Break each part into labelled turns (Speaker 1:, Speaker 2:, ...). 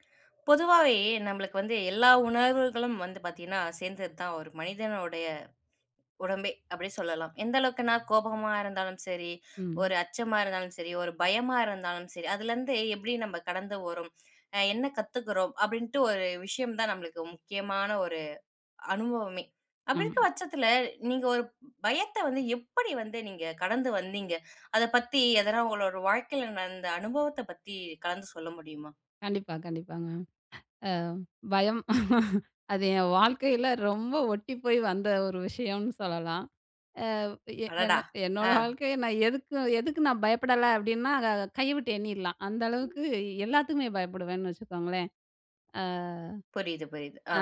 Speaker 1: "பொதுவாவே நம்பளுக்கு வந்து எல்லா உணர்வுகளும் வந்து பார்த்தீங்கன்னா, சேர்ந்தது தான் ஒரு மனிதனுடைய உடம்பே", அப்படி சொல்லலாம். எந்த அளவுக்குன்னா, "கோபமா இருந்தாலும் சரி,
Speaker 2: ம்.
Speaker 1: ஒரு அச்சமா இருந்தாலும் சரி, ஒரு பயமா இருந்தாலும் சரி, அதுலேருந்து எப்படி நம்ப கடந்து வறோம்? அ என்ன கத்துக்குறோம்?" அப்படின்ட்டு ஒரு விஷயம் தான் நம்பளுக்கு முக்கியமான ஒரு, அனுபவமே.
Speaker 2: அ.
Speaker 1: அப்படி இருக்க பட்சத்துல, நீங்க ஒரு ப் பயத்தை வந்து எப்படி வந்து நீங்க கடந்து வந்தீங்க? அதை பத்தி, எதனா உங்களோட வாழ்க்கையில நடந்த அனுபவத்தை பத்தி கலந்து சொல்ல முடியுமா?
Speaker 2: கண்டிப்பா, கண்டிப்பாங்க. அ பயம். அது என் வாழ்க்கையில ரொம்ப ஒட்டி போய் வந்த ஒரு விஷயம்னு சொல்லலாம். அ "எ என்
Speaker 1: அடடா!
Speaker 2: என்னோட
Speaker 1: அ.
Speaker 2: வாழ்க்கையை நான் எதுக்கும் எதுக்கும் நான் பயப்படலை" அப்படின்னா அத கைய விட்டு எண்ணிறலாம். அந்த அளவுக்கு, எல்லாத்துக்குமே பயப்படுவேன்னு வச்சுக்கோங்களேன். அ.
Speaker 1: புரியுது, புரியுது. ஆ.
Speaker 2: அ,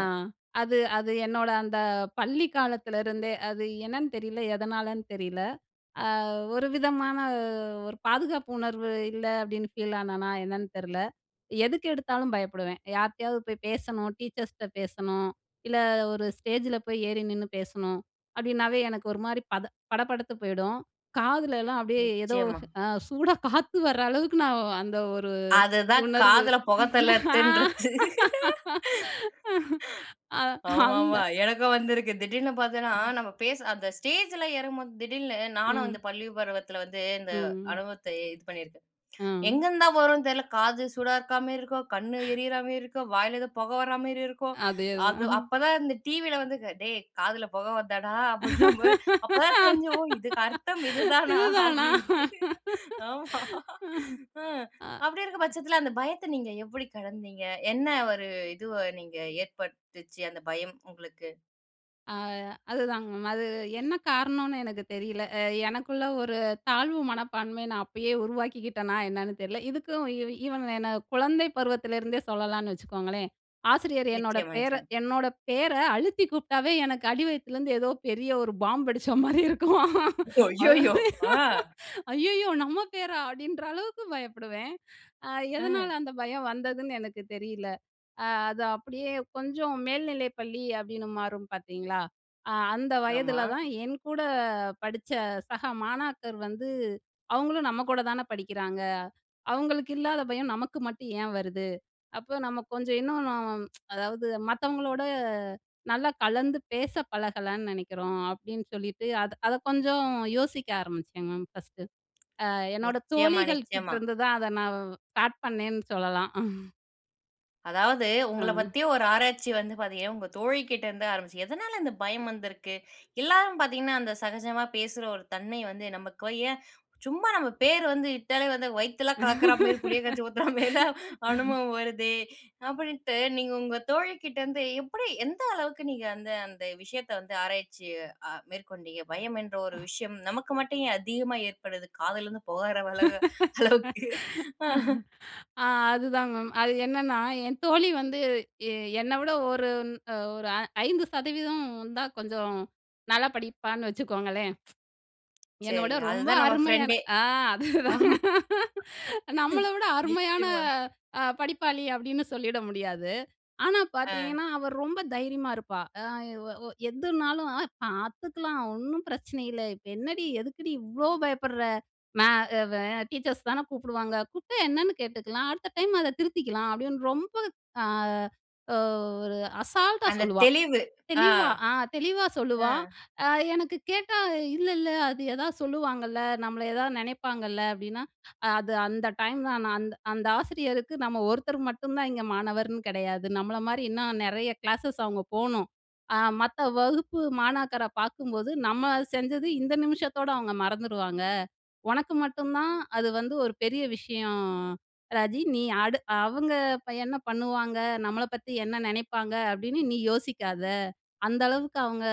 Speaker 2: அது அது என்னோட அந்த பள்ளி காலத்திலருந்தே, அது என்னன்னு தெரியல, எதனாலன்னு தெரியல. "அ ஒரு விதமான ஒரு பாதுகாப்பு உணர்வு இல்லை" அப்படின்னு ஃபீல் ஆனனா, என்னன்னு தெரில. எதுக்கு எடுத்தாலும் பயப்படுவேன். "யாருட்டயாவது போய் பேசணும், டீச்சர்ஸ்ட்ட பேசணும், இல்ல ஒரு ஸ்டேஜில போய் ஏறி நின்னு பேசணும்" அப்படின்னாவே எனக்கு ஒரு மாரி பத படபடத்து போயிடும். காதுலலாம் அப்படியே ஏதோ
Speaker 1: நிச்சயமா.
Speaker 2: அ. சூடா காத்து வர அளவுக்கு நான் அந்த ஒரு,
Speaker 1: அதுதான்
Speaker 2: உணர்வு.
Speaker 1: காதுல புகைத் தள்ளறத்துன்றது.
Speaker 2: ஆ அ அந்த
Speaker 1: ஆமாமா, எனக்கும் வந்திருக்கு. திடீர்னு பார்த்தன்னா,
Speaker 2: [unintelligible]
Speaker 1: நம்ம பேசு அந்த ஸ்டேஜல்ல ஏறும்போது திடீர்னு, நானும் அந்த
Speaker 2: ம்.
Speaker 1: பள்ளி பருவத்தில வந்து இந்த
Speaker 2: ம்.
Speaker 1: அனுபவத்தை இது பண்ணியிருக்கேன்.
Speaker 2: அ.
Speaker 1: எங்கேருந்து தான் வரும்னு தெரில காது சூடா இருக்கா மாரி இருக்கும், கண்ணு எரியறா மாரி இருக்கும். வாயில ஏதோ புகை வராமாரி இருக்கும்.
Speaker 2: அதேதான்.
Speaker 1: அது அப்பதான் இந்த டிவியில வந்து க "டேய்! காதுல புகை வருதாடா?" அப்படின்னும் போது, அப்பதான் தெரிஞ்சுது. "ஓ! இதுக்கு அர்த்தம் இதுதானா
Speaker 2: இதுதானா?.
Speaker 1: அப்படின்ட்டு. ஆமா, அ.
Speaker 2: அ. அ.
Speaker 1: அப்படி இருக்க பட்சத்தில, அந்த பயத்த நீங்க எப்படி கடந்தீங்க? என்ன ஒரு இதுவ நீங்க ஏற்படுத்துச்சு, அந்த பயம் உங்களுக்கு?
Speaker 2: அ. அதுதாங்க. அது என்ன காரணம்னு எனக்கு தெரில. அ எனக்குள்ள ஒரு தாழ்வு மனப்பான்மைய நான் அப்பயே உருவாக்கிக்கிட்டனா என்னன்னு தெர்ல. இதுக்கும் இ ஈவன் என்ன குழந்தை பருவத்திலேருந்தே சொல்லலான்னு வச்சுக்கோங்களேன். ஆசிரியர் என்னோட
Speaker 1: நிச்சயமா,
Speaker 2: பேர
Speaker 1: நிச்சயமா.
Speaker 2: என்னோட பேர அழுத்தி கூப்டாவே எனக்கு அடிவயித்துலேருந்து ஏதோ பெரிய ஒரு பாம் வெடிச்ச மாரி
Speaker 1: அய்யயோ!
Speaker 2: இருக்கும்."ஐயய்யோ!
Speaker 1: அ.
Speaker 2: நம்ம பேரா!" அப்டின்ற அளவுக்கு பயப்படுவேன். அ எதனால
Speaker 1: அ.
Speaker 2: அந்த பயம் வந்ததுன்னு எனக்கு தெரியல. அ அது அப்டியே கொஞ்சம் மேல்நிலை பள்ளி அப்டின்னு மாறும் பாத்தீங்களா? அ அந்த
Speaker 1: ஆமா.
Speaker 2: வயதுல தான் என் கூட படிச்ச சக மாணாக்கர் வந்து "அவங்களும் நம்ம கூட தான படிக்கிறாங்க. அவங்களுக்கு இல்லாத பயம் நமக்கு மட்டும் ஏன் வருது? அப்போ நம்ம கொஞ்சம் இன்னும் அதாவது மத்தவங்களோட நல்லா கலந்து பேச பழகலன்னு நினைக்கிறோம்" அப்டின்னு சொல்லிட்டு. அத அத கொஞ்சம் யோசிக்க ஆரம்பிச்சேங்க மேம் ஃபர்ஸ்ட்டு. அ என்னோட
Speaker 1: நிச்சயமா,
Speaker 2: தோழிகள்
Speaker 1: நிச்சயமா.
Speaker 2: கிட்டருந்து தான் அத நான் வ் ஸ்டார்ட் பண்ணேன்னு சொல்லலாம்.
Speaker 1: அதாவது உங்கள
Speaker 2: அ.
Speaker 1: பத்தி ஒரு ஆராய்ச்சி வந்து பாத்தீங்கன்னா, உங்க தோழி கிட்டேந்து ஆரம்பிச்சு. எதனால இந்த பயம் வந்திருக்கு? எல்லாரும் பாத்தீங்கன்னா, அந்த சகஜமா பேசுற ஒரு தன்மை வந்து நமக்கு ஏன், சும்மா நம்ம பேர் வந்து கூப்டாலே வந்து வயித்தலாம் கலக்குற மாரி புளிய கரைச்சு ஊத்துற மாரிலாம் அனுபவம் வருதே, அப்டின்ட்டு நீங்க உங்க தோழிகிட்டேருந்து எப்டி எந்த அளவுக்கு நீங்க அந்த அந்த விஷயத்த வந்து ஆராய்ச்சி அ மேற்கொண்டீங்க, பயம் என்ற
Speaker 2: அ.
Speaker 1: ஒரு விஷயம் நமக்கு மட்டும் ஏன் அதிகமா ஏற்படுது? காதுலருந்து புகறளவ அளவுக்கு?
Speaker 2: ஆ. அதுதான் மேம். அது என்னன்னா என் தோழி வந்து எ என்ன விட ஒரு ன் ஒரு அ 5%தான் கொஞ்சம் நல்லா படிப்பான்னு வச்சுக்கோங்களேன். என்னோட
Speaker 1: சரிங்க.
Speaker 2: ரொம்ப
Speaker 1: அதுதான் நம்ம
Speaker 2: அருமையான
Speaker 1: ஃப்ரெண்டே.
Speaker 2: ஆ அதேதாங்க.
Speaker 1: ஆமா.
Speaker 2: நம்மள விட அருமையான
Speaker 1: நிச்சயமா.
Speaker 2: அ படிப்பாளி அப்டின்னு சொல்லிட முடியாது. ஆனா,
Speaker 1: அ.
Speaker 2: பாத்தீங்கன்னா அவ ரொம்ப தைரியமா இருப்பா. அ அ ஒ எதுனாலும் "பாத்துக்கலாம், ஒண்ணும் பிரச்சனை இல்ல. இப்ப என்னடி, எதுக்குடி இவ்ளோ பயப்படுற? மே அ டீச்சர்ஸ் தான கூப்டுவாங்க. கூப்டா என்னன்னு கேட்டுக்கலாம். அடுத்த டைம் அத திருத்திக்கலாம்" அப்டின்னு ரொம்ப அ ஓ ஒரு அசால்ட்டா
Speaker 1: அந்த
Speaker 2: சொல்லுவா.
Speaker 1: தெளிவு. அ.
Speaker 2: தெளிவா, அ தெளிவா
Speaker 1: அ.
Speaker 2: சொல்லுவா. அ எனக்கு கேட்டா, "இல்ல இல்ல அது ஏதாவது சொல்லுவாங்கல்ல, நம்மள எதாவது நினைப்பாங்கல்ல?" அப்டின்னா. "அது அந்த டைம் தான் நான் அந்த அந்த ஆசிரியருக்கு நம்ம ஒருத்தர் மட்டும் தான் இங்க மாணவர்ன்னு கிடையாது நம்மள மாரி இன்னும் நிறைய கிளாஸஸ் அவங்க போணும். அ மத்த வகுப்பு மாணாக்கர பாக்கும்போது நம்ம செஞ்சது இந்த நிமிஷத்தோட அவங்க மறந்துடுவாங்க. உனக்கு மட்டும் தான் அது வந்து ஒரு பெரிய விஷயம் அ ராஜி. நீ அடு அவங்க ப என்ன பண்ணுவாங்க? நம்மள பத்தி என்ன நினைப்பாங்க? அப்டின்னு நீ யோசிக்காத. அந்த அளவுக்கு அவங்க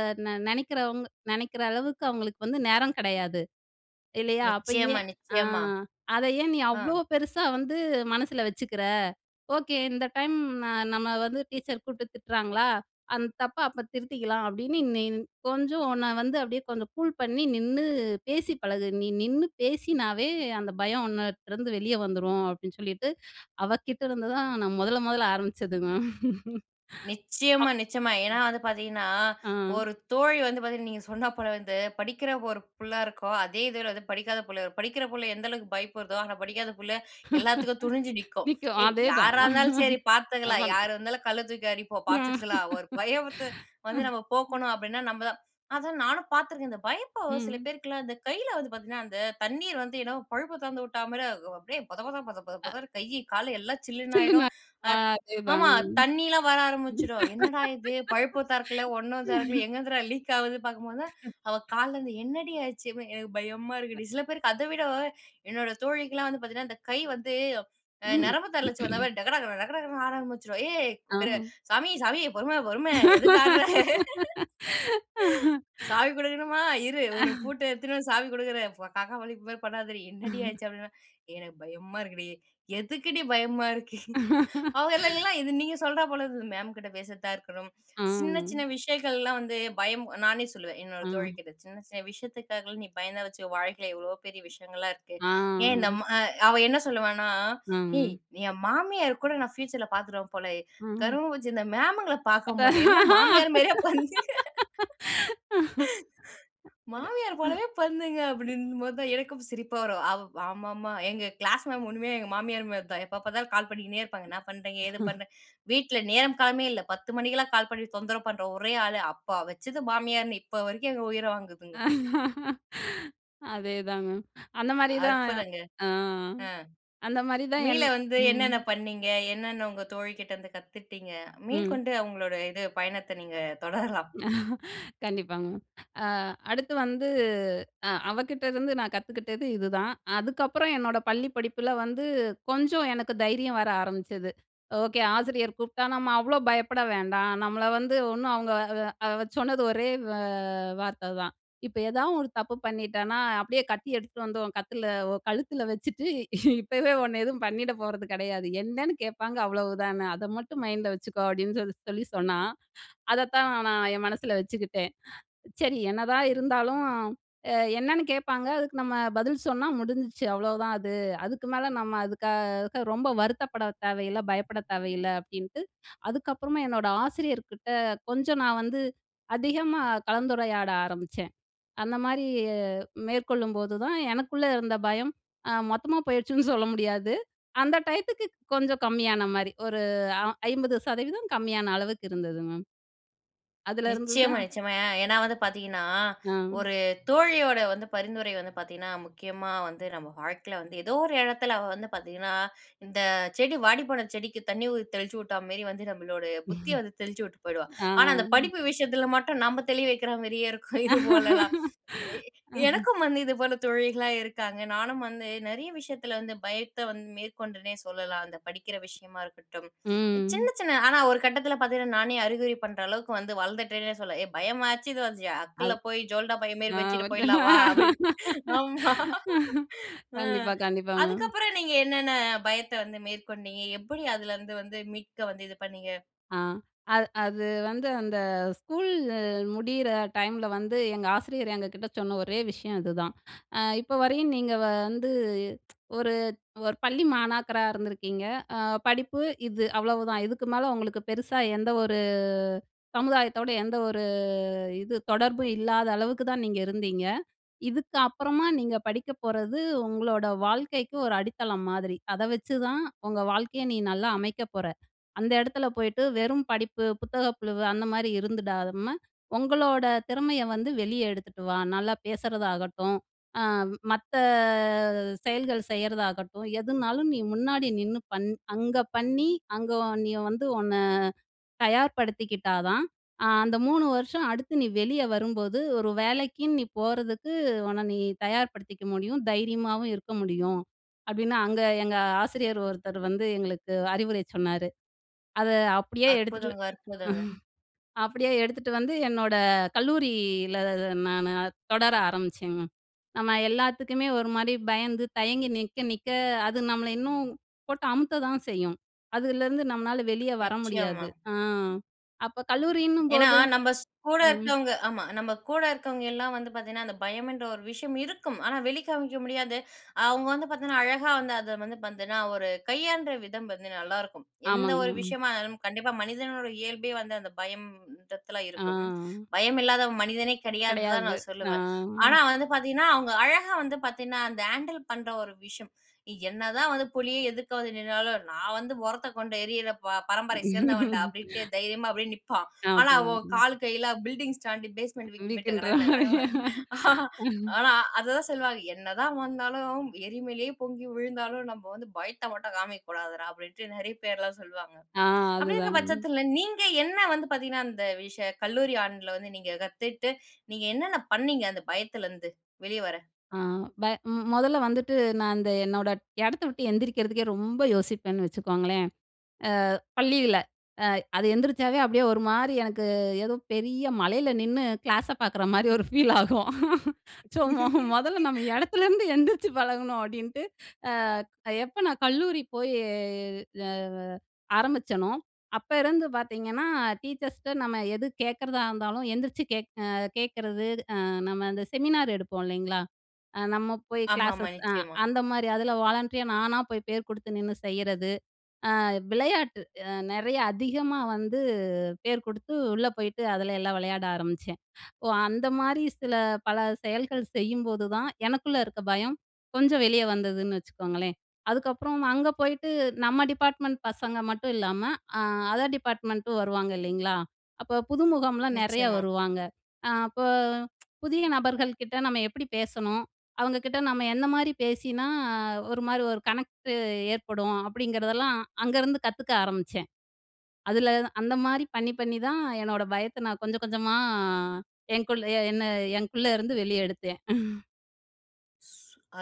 Speaker 2: நினைக்கிறவங்க நினைக்கிற அளவுக்கு அவங்களுக்கு வந்து நேரம் கிடையாது இல்லையா? அப்ப ஆ
Speaker 1: நிச்சயமா,
Speaker 2: ஏன்? அ
Speaker 1: நிச்சயமா.
Speaker 2: அத ஏன் நீ அவ்ளோ
Speaker 1: அ.
Speaker 2: பெருசா வந்து மனசுல வச்சுக்கிற? ஓக்கே இந்த டைம் நம்ம வந்து டீச்சர் கூப்டு திட்டுறாங்களா, அந்த தப்ப அப்ப திருத்திக்கலாம் அப்டின்னு நீ கொஞ்சம் உன்ன வந்து அப்டியே கொஞ்சம் கூல் பண்ணி நின்னு பேசி பழகு. நீ நின்னு பேசினாவே அந்த பயம் உன்னட்ட இருந்து வெளியே வந்துரும்." அப்டின்னு சொல்லிட்டு அவ கிட்ட இருந்து தான் நான் முதல, முதல ஆரம்பிச்சது மேம். அ.
Speaker 1: நிச்சயமா, நிச்சயமா. ஏனா
Speaker 2: ம்.
Speaker 1: வந்து பாத்தீங்கன்னா,
Speaker 2: அ.
Speaker 1: ஒரு தோழி வந்து பார்த்தீங்கன்னா நீங்க சொன்ன போல வந்து படிக்கிற ஒரு புள்ள இருக்கும். அதே இதுல வந்து படிக்காத புள்ள. படிக்கற புள்ள எந்த அளவுக்கு பயப்படுதோ, ஆனா படிக்காத புள்ள எல்லாத்துக்கும் துணிஞ்சு நிக்கும்.
Speaker 2: நிக்கும்
Speaker 1: "ஏய்
Speaker 2: அதே தான்.
Speaker 1: யாரா இருந்தாலும் சரி பார்த்துக்கலாம்.
Speaker 2: ஆமா.
Speaker 1: யார் இருந்தாலும் கல்ல தூக்கி அடிப்போம்,
Speaker 2: ம்.
Speaker 1: பாத்துக்கலாம்." ஒரு பயத்த வந்து
Speaker 2: ம்.
Speaker 1: நம்ம போக்கணும் அப்டின்னா நம்ம தான். அதான் நானும் பாத்துருக்கேன். இந்த பயப்ப சில
Speaker 2: ம்.
Speaker 1: பேருக்குலாம் இந்த கையில வந்து பாத்தீங்கன்னா, அந்த தண்ணீர் வந்து என்னமோ பைப்ப துறந்து விட்டா மாரி அது அப்டியே பொதபத, பொத, பொத,
Speaker 2: அ.
Speaker 1: பொதன்னு கை, கால் எல்லாம் சில்லுன்னு
Speaker 2: சொல்லுங்க,
Speaker 1: ஆயிடும். அ
Speaker 2: அ
Speaker 1: ஆமா
Speaker 2: அதேதாங்க மேம்
Speaker 1: தண்ணிலாம் வர ஆரம்பிச்சுடும். என்னடா இது பைப்பு திறக்கல, ஒண்ணும் திறக்கல, எங்கேருந்துடா லீக் ஆகுது பாக்கும்போது தான், அவ "கால்ல இருந்து என்னடி ஆச்சு?" அப்டினா "எனக்கு பயமா
Speaker 2: அ.
Speaker 1: இருக்குடி." சில பேருக்கு அத விட என்னோட தோழிக்கலாம் வந்து பாத்தீங்கன்னா இந்த கை வந்து, அ
Speaker 2: ம்.
Speaker 1: நரம்பு தளர்ச்சி வந்தா மாரி டக, டக, டக, டகன்னு ஆட ஆரம்பிச்சுடும். "ஏய்! அ
Speaker 2: அம்.
Speaker 1: சாமி, சாமி பொறும பொறும. எதுக்கு ஆட்ற?" "சாவி குடுக்கணுமா? இரு. உனக்கு பூட்ட எடுத்துன்னு வந்து சாவி குடுக்குறேன். காக்கா வலிப்பு மாரி பண்ணாதடி. என்னடி ஆச்சு?" அப்டின்னா, "எனக்கு பயமா இருக்குடி. எதுக்குடி பயமா இருக்கு?" அவங்களலாம் இது நீங்க சொல்றா போல இருக்குது மேம்கிட்ட பேசிட்டு தான் இருக்கணும். சின்ன சின்ன
Speaker 2: ம்.
Speaker 1: விஷயங்கள்லாம் வந்து பயம். நானே சொல்லுவன் என்னோட தோழி
Speaker 2: அ.
Speaker 1: கிட்ட. "சின்ன, சின்ன விஷயத்துக்காகலாம் நீ பயந்தன் வச்சுக்கோ வாழ்க்கையில எவ்ளோ பெரிய விஷயங்கள்லாம் இருக்கு." ஏன்
Speaker 2: அ.
Speaker 1: நம்ம அ அவ என்ன சொல்லுவான்னா, "ஏய்!
Speaker 2: ம்.
Speaker 1: என் மாமியார் கூட நான் ஃபியூச்சர்ல பாத்துடுவேன் போலயே.
Speaker 2: ம்.
Speaker 1: கருமம் பிடிச்ச இந்த மேமுங்கள பாக்க
Speaker 2: அப்ப
Speaker 1: முடியல. எல்லாம் மாமியார் மாரியே உக்காந்து,
Speaker 2: அது.
Speaker 1: மாமியார் போலவே பண்ணுதுங்க அப்டின்னும்போது தான் எனக்கும் சிரிப்பா வரும். அவ் ஆமாமா. எங்க க்ளாஸ் மேம் ஒண்ணுமே எங்க மாமியார் மாரி தான், எப்ப பாத்தாலும் கால் பண்ணினே இருப்பாங்க. என்ன பண்றீங்க? ஏது பண்ற? வீட்ல நேரம் காலமே இல்ல, 10 மணிக்கெல்லாம் கால் பண்ணி தொந்தரவு பண்ற ஒரே ஆளு. அப்ப வச்சது மாமியார்ன்னு இப்போ வரைக்கும் எங்க உயிர
Speaker 2: அ.
Speaker 1: வாங்குதுங்கோ.
Speaker 2: அதேதான் மேம். அந்த மாரி தான்.
Speaker 1: அற்புதங்க.
Speaker 2: அ.
Speaker 1: அ
Speaker 2: அந்த மாரி தான்
Speaker 1: மீள
Speaker 2: என்
Speaker 1: வந்து
Speaker 2: ம்.
Speaker 1: என்னென்ன பண்ணீங்க? என்னென்ன உங்க தோழி கிட்ட இருந்து கத்துக்கிட்டீங்க? மீள்
Speaker 2: ம்.
Speaker 1: கொண்டு அவங்களோட இது பயணத்த நீங்க தொடரலாம்.
Speaker 2: கண்டிப்பாங்க மேம். அ அடுத்து வந்து அ அவ கிட்டருந்து நான் கத்துக்கிட்டது இதுதான். அதுக்கப்புறம் என்னோட பள்ளி படிப்புல வந்து கொஞ்சம் எனக்கு தைரியம் வர ஆரம்பிச்சது. ஓகே ஆசிரியர் கூப்ட்டா நம்ம அவ்ளோ பயப்பட வேண்டாம். நம்மள வந்து ஒண்ணும் அவங்க அ சொன்னது ஒரே வ வார்த்ததான். "இப்ப ஏதா ஒரு தப்பு பண்ணிட்டேனா அப்டியே கத்தி எடுத்துட்டு வந்து உன் கத்துல உன் கழுத்துல வச்சுட்டு இப்பவே உன்ன எதுவும் பண்ணிட போறது கிடையாது. என்னன்னு கேட்பாங்க அவ்வளவு தான. அத மட்டும் மைண்ட்ல வச்சுக்கோ." அப்டின்னு சொல்லி சொல்லி சொன்னா. அதத்தான் நான் என் மனசுல வச்சுக்கிட்டேன். சரி என்னதான் இருந்தாலும் அ என்னன்னு கேட்பாங்க, அதுக்கு நம்ம பதில் சொன்னா முடிஞ்சுச்சு. அவ்ளோதான் அது. அதுக்கு மேல நம்ம அதுக்காக ரொம்ப வருத்தப்பட தேவையில்ல, பயப்பட தேவையில்ல அப்டின்ட்டு அதுக்கப்பறமா என்னோடய ஆசிரியர்கிட்ட கொஞ்சம் நான் வந்து அதிகமா கலந்துரையாட ஆரம்பிச்சேன். அந்த மாரி மேற்கொள்ளும்போதுதான் எனக்குள்ள இருந்த பயம் அ மொத்தமா போயிடுச்சுன்னு சொல்ல முடியாது. அந்த டையத்துக்கு கொஞ்சம் கம்மியான மாரி, ஒரு அ 50 சதவீதம் கம்மியான அளவுக்கு இருந்தது மேம். அதுல இருந்து
Speaker 1: நிச்சயமா,
Speaker 2: தான்
Speaker 1: நிச்சயமா. ஏனா, வந்து பாத்தீங்கன்னா
Speaker 2: அ.
Speaker 1: ஒரு தோழியோட வந்து பரிந்துரை வந்து பார்த்தீங்கன்னா, முக்கியமா வந்து, நம்ம வாழ்க்கையில வந்து ஏதோ ஒரு இடத்துல அவ வந்து பாத்தீங்கன்னா, இந்த செடி வாடிப்போன செடிக்கு தண்ணி ஊ தெளிச்சு விட்டா மாரி வந்து நம்மளோட புத்திய வந்து தெளிச்சி விட்டு போயிடுவா.
Speaker 2: ஆ.
Speaker 1: ஆனா, அந்த படிப்பு விஷயத்துல மட்டும் நாம தெளி வைக்கிற மாரியே இருக்கும், இது போலலாம். எ எனக்கும் வந்து இதுபோல தோழிகளாம் இருக்காங்க. நானும் வந்து நிறைய விஷயத்துல வந்து பயத்த வந்து மேற்கொண்டனே சொல்லலாம். அந்த படிக்கிற விஷயமா இருக்கட்டும். சின்ன,
Speaker 2: ம்.
Speaker 1: சின்ன ஆனா, ஒரு கட்டத்துல பாத்தீங்கன்னா நானே அறிவுரை பண்ற அளவுக்கு வந்து வளந்துட்டேன்னே சொல்லலாம். "ஏ பயமாச்சு, இதுவாச்சு,
Speaker 2: அது.
Speaker 1: அக்குல்ல போய் ஜோல்னா பை மாரி
Speaker 2: அ.
Speaker 1: வச்சுட்டு போயிடலாம். வா", அப்டின். ஆமா. ம்.
Speaker 2: கண்டிப்பா, கண்டிப்பா. மேம்.
Speaker 1: அதுக்கப்பறம் நீங்க என்னென்ன பயத்த வந்து மேற்கொண்டீங்க? எப்டி அதுலருந்து வந்து மீட்க வந்து இது பண்ணீங்க?
Speaker 2: ஆ. அது அது வந்து அந்த ஸ்கூல் முடியிற டைம்ல வந்து எங்க ஆசிரியர் எங்க கிட்ட சொன்ன ஒரே விஷயம் இதுதான். "அ இப்போ வரையும் நீங்க வந்து ஒரு, ஒரு பள்ளி மாணாக்கராக இருந்திருக்கீங்க. அ படிப்பு இது அவ்வளவுதான். இதுக்கு மேல உங்களுக்கு பெருசா எந்த ஒரு சமுதாயத்தோடு எந்த ஒரு இது தொடர்பும் இல்லாத அளவுக்கு தான் நீங்க இருந்தீங்க. இதுக்கு அப்பறமா நீங்க படிக்க போறது உங்களோட வாழ்க்கைக்கு ஒரு அடித்தளம் மாதிரி. அத வச்சுதான் உங்க வாழ்க்கைய நீ நல்லா அமைக்க போற. அந்த இடத்துல போயிட்டு வெறும் படிப்பு, புத்தக புழுவு அந்தமாரி இருந்துடாத ம உங்களோட திறமைய வந்து வெளிய எடுத்துட்டு வா. நல்லா பேசுறதாகட்டும், அ மத்த செயல்கள் செய்றதாகட்டும், எதுனாலும் நீ முன்னாடி நின்னு பண் அங்க பண்ணி அங்க நீ வந்து உன்ன தயார்படுத்திக்கிட்டா தான், அ அந்த 3 வருஷம் அடுத்து நீ வெளிய வரும்போது, ஒரு வேலைக்குன்னு நீ போறதுக்கு உன்ன நீ தயார்படுத்திக்க முடியும். தைரியமாவும் இருக்க முடியும்." அப்டின்னு அங்க எங்க ஆசிரியர் ஒருத்தர் வந்து எங்களுக்கு அறிவுரை சொன்னாரு. அத அப்டியே எடுத்துட்டு
Speaker 1: அற்புதங்க, அற்புதங்க.
Speaker 2: அப்டியே எடுத்துட்டு வந்து என்னோட கல்லூரியில ந நானு தொடர ஆரம்பிச்சேங்க. நம்ம எல்லாத்துக்குமே ஒரு மாரி பயந்து, தயங்கி நிக்க, நிக்க அது நம்மள இன்னும் போட்டு அமுக்க தான் செய்யும். அதுலருந்து நம்மளால வெளிய வர முடியாது.
Speaker 1: நிச்சயமா.
Speaker 2: அ அப்போ கல்லூரின்னும்
Speaker 1: ஏனா,
Speaker 2: போது
Speaker 1: நம்ம ஸ் கூட
Speaker 2: ம்.
Speaker 1: இருக்கவங்க. ஆமா. நம்ம கூட இருக்கவங்கலாம் வந்து பாத்தீங்கன்னா, அந்த பயம்ன்ற ஒரு விஷயம் இருக்கும். ஆனா, வெளிக்காமிக்க முடியாது. அவங்க வந்து பார்த்தீங்கன்னா, அழகா வந்து அத வந்து பாத்தீங்கன்னா, ஒரு கையாளற விதம் வந்து நல்லாருக்கும். எந்த
Speaker 2: ஆமாங்க.
Speaker 1: ஒரு
Speaker 2: மேம்.
Speaker 1: விஷயமா இருந்தாலும். கண்டிப்பா மனிதனோட இயல்பே வந்து அந்த பயம்ன்றத்துல இருக்கும்.
Speaker 2: அ.
Speaker 1: பயம் இல்லாதவன் மனிதனே கிடையாதுன்னு தான்
Speaker 2: கிடையாது.
Speaker 1: நான்
Speaker 2: அ.
Speaker 1: சொல்லுவன். ஆனா, வந்து பாத்தீங்கன்னா, அவங்க அழகா வந்து பாத்தேனா, அந்த ஹேண்டில் பண்ற ஒரு விஷயம். என்னதான் வந்து புலி எதுக்க வந்து நின்னாலும், நான் வந்து முறத்த கொண்டு எரியிற ப பரம்பரய சேந்தவன் டா அப்டின்ட்டு தைரியமா அப்டியே நிப்பா.
Speaker 2: அ.
Speaker 1: ஆனா,
Speaker 2: அதுதாங்க
Speaker 1: அவ
Speaker 2: மேம்.
Speaker 1: கால் கைல "பில்டிங்ஸ் ஸ்டாண்டு, பேஸ்மெண்ட் வீக்னு" டக,
Speaker 2: வீக்ன்ற மாரி.
Speaker 1: டக. ஆ, அ அததான் சொல்வாங்க."என்னதான் வந்தாலும், எரிமலேயே பொங்கி விழுந்தாலும் நம்ம வந்து பயத்த மட்டும் காமிக்க கூடாதுடா." அப்டின்ட்டு நிறைய பேர்லாம் சொல்வாங்க.
Speaker 2: அ.
Speaker 1: அப்டி இருக்க
Speaker 2: அதுதான்.
Speaker 1: பட்சத்துல நீங்க என்ன வந்து பாத்தீங்கன்னா, அந்த விஷயம் கல்லூரி ஆண்டுல வந்து நீங்க கத்துட்டு நீங்க என்னென்ன பண்ணீங்க? அந்த பயத்துலேருந்து வெளிய வர?
Speaker 2: ஆ ப ம் முதல்ல வந்துட்டு நான் அந்த என்னோட இடத்த விட்டு எந்திரிக்கிறதுக்கே ரொம்ப யோசிப்பேன்னு வச்சுக்கோங்களேன், அ பள்ளியில. அ அது எந்திரிச்சாவே அப்டியே ஒரு மாரி எனக்கு ஏதோ பெரிய மலையில நின்னு க்ளாஸ பார்க்குற மாரி ஒரு ஃபீல் ஆகும். ஸோ முதல்ல நம்ம இடத்துலேருந்து எந்திரிச்சு பழகணும் அப்டின்ட்டு. அ எப்ப நான் கல்லூரி போயி அ ஆரம்பிச்சனோ, அப்ப இருந்து பாத்தீங்கன்னா டீச்சர்ஸ்கிட்ட நம்ம எது கேட்கறதா இருந்தாலும் எந்திரிச்சுகே கேட்கறது, அ நம்ம அந்த செமினார் எடுப்போம் இல்லைங்களா? அ நம்ம போய்
Speaker 1: ஆமா, ஆமா.
Speaker 2: க்ளாஸஸ் அ
Speaker 1: நிச்சயமா.
Speaker 2: அந்தமாரி, அதுல வாலண்டரியா நானா போய் பேர குடுத்து நின்னு செய்றது. அ விளையாட்டு அ நிறையா அதிகமா வந்து பேர் குடுத்து உள்ள போயிட்டு அதுல எல்லாம் விளையாட ஆரம்பிச்சன். ஓ அந்த மாரி சில பல செயல்கள் செய்யும்போதுதான் எனக்குள்ள இருக்க பயம் கொஞ்சம் வெளிய வந்ததுன்னு வச்சுக்கோங்களேன். அதுக்கப்றம் அங்க போயிட்டு நம்ம டிபார்ட்மெண்ட் பசங்க மட்டும் இல்லாம, அ அதர் டிப்பார்ட்மெண்ட்டும் வருவாங்க இல்லைங்களா. அப்ப புதுமுகம்லாம் நிறையா
Speaker 1: நிச்சயமா.
Speaker 2: வருவாங்க. அ அப்ப புதிய நபர்கள் கிட்ட நம்ம எப்படி பேசணும்? அவங்க கிட்ட நம்ம என்ன மாரி பேசினா ஒரு மாரி ஒரு கனெக்ட்டு ஏற்படும்? அப்டிங்கறதெல்லாம் அங்கருந்து கத்துக்க ஆரம்பிச்சேன். அதுல அந்த மாரி பண்ணி, பண்ணி தான் என்னோட பயத்த நான் கொஞ்சம், கொஞ்சமா அ என்குள் என்ன என்குள்ள இருந்து வெளிய எடுத்தேன்.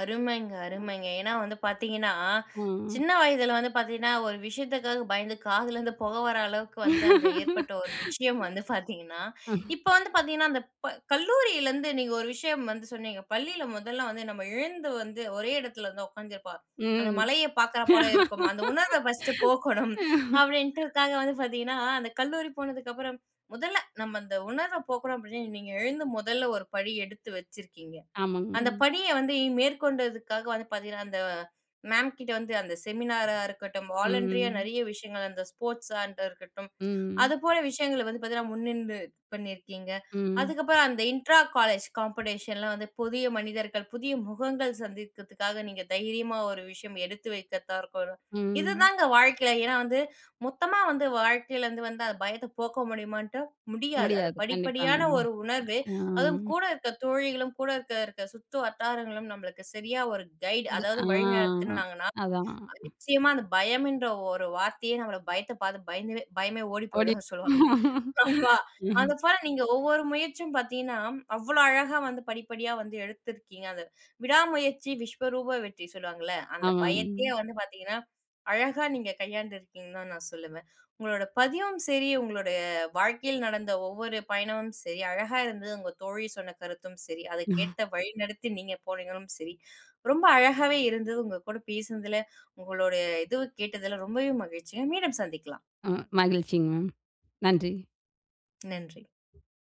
Speaker 1: அருமைங்க,
Speaker 2: ம்.
Speaker 1: அருமைங்க. ஏன்னா வந்து பார்த்தீங்கன்னா,
Speaker 2: ம்.
Speaker 1: சின்ன வயதில வந்து பார்த்தீங்கன்னா, ஒரு விஷயத்துக்காக பயந்து காதுல இருந்து புக வர அளவுக்கு வந்து அந்த ஏற்பட்ட ஒரு விஷயம் வந்து பார்த்தீங்கன்னா
Speaker 2: ம்.
Speaker 1: இப்போ வந்து பார்த்தீங்கன்னா, அந்த ப கல்லூரியில இருந்து நீங்க ஒரு விஷயம் வந்து சொன்னீங்க, பள்ளியில முதல வந்து நம்ம எழுந்து வந்து ஒரே இடத்துல வந்து உக்காந்துருப்போம். அந்த
Speaker 2: ம்.
Speaker 1: மலைய பார்க்கிறாப் போல இருக்கும். அந்த உணர்வ ஃபர்ஸ்ட்டு போக்கணும் அப்பிடின்டு உக்காந்து வந்து பார்த்தீங்கன்னா, அந்த கல்லூரி போனதுக்கப்பறம் முதல்ல நம்ம அந்த உணர்வ போக்கணும் அப்பிடின்னு நீங்க எழுந்து முதல்ல ஒரு படி எடுத்து வச்சிருக்கீங்க.
Speaker 2: ஆமாங்க.
Speaker 1: அந்த
Speaker 2: மேம்.
Speaker 1: படிய வந்து மேற்கொண்டதுக்காக வந்து பார்த்தீங்கன்னா, அந்த மேம் கிட்ட வந்து அந்த செமினாரா இருக்கட்டும், வாலண்டரியா
Speaker 2: ம்.
Speaker 1: நெறைய விஷயங்கள் அந்த ஸ்போர்ட்ஸாண்டா இருக்கட்டும்,
Speaker 2: ம்.
Speaker 1: அதுபோல விஷயங்கள வந்து பார்த்தீங்கன்னா முன்னின்று பண்ணியிருக்கீங்க.
Speaker 2: ம்.
Speaker 1: அதுக்கப்புறம் அந்த இன்ட்ரா காலேஜ் காம்படிஷன் லாம் வந்து புதிய மனிதர்கள், புதிய முகங்கள் சந்தித்ததுக்காக நீங்க தைரியமா ஒரு விஷயம் எடுத்து வைத்ததா இருக்கட்டும் இது
Speaker 2: ம்.
Speaker 1: தான் வாழ்க்கையில ஏன்னா, வந்து மொத்தமா வந்து வாழ்க்கையிலருந்து வந்து அந்த பயத்த போக்க முடியுமான்ட்டு முடியாது. அது
Speaker 2: முடியாது. கண்டிப்பாங்க.
Speaker 1: படிப்படியான ஒரு உணர்வு, அதுவும்
Speaker 2: மேம். ஆ.
Speaker 1: கூட இருக்கிற தோழிகளும் கூட இருக்க, இருக்க சுற்று வட்டாரங்களும் நம்மளுக்கு சரியா ஒரு கைடு,
Speaker 2: அது, ஆ
Speaker 1: அதாவது வழி நடத்துனாங்கனா,
Speaker 2: அதான்,
Speaker 1: [unintelligible]
Speaker 2: அ.
Speaker 1: நிச்சயமா அந்த பயம்ன்ற ஒரு வார்த்தையே நம்மள பயத்த பார்த்து பயந்து பயமே ஓடி
Speaker 2: ஓடி
Speaker 1: போயிடும் சொல்லுவாங்க.
Speaker 2: [unintelligible]
Speaker 1: ஆமா அதுபோல நீங்க ஒவ்வொரு முயற்சியும் பார்த்தீங்கன்னா, அவ்ளோ அழகா வந்து படிப்படியா வந்து எடுத்துருக்கீங்க. அந்த "விடாமுயற்சி விஸ்வரூப வெற்றி" சொல்லுவாங்கல்ல. அந்த
Speaker 2: ஆமாங்க,
Speaker 1: பயத்தையே
Speaker 2: மேம்.
Speaker 1: வந்து பார்த்தீங்கன்னா, அழகா நீங்க கையாண்டிருக்கீங்கன்னு தான் நான் சொல்லுவேன். உங்களோட பதிவும் சரி, உங்களுடைய வாழ்க்கையில் நடந்த ஒவ்வொரு பயணமும் சரி, அழகா இருந்தது. உங்கள் தோழி சொன்ன கருத்தும் சரி, அதுக்கேட்ட வழி நடத்தி நீங்க போனீங்களும் சரி, ரொம்ப அழகாகவே இருந்தது உங்ககூட பேசினதில, உங்களுடைய இதுவும் கேட்டதில ரொம்பவே மகிழ்ச்சிங்க. மீண்டும் சந்திக்கலாம்.
Speaker 2: ம் மகிழ்ச்சிங்க மேம். நன்றி.
Speaker 1: நன்றி.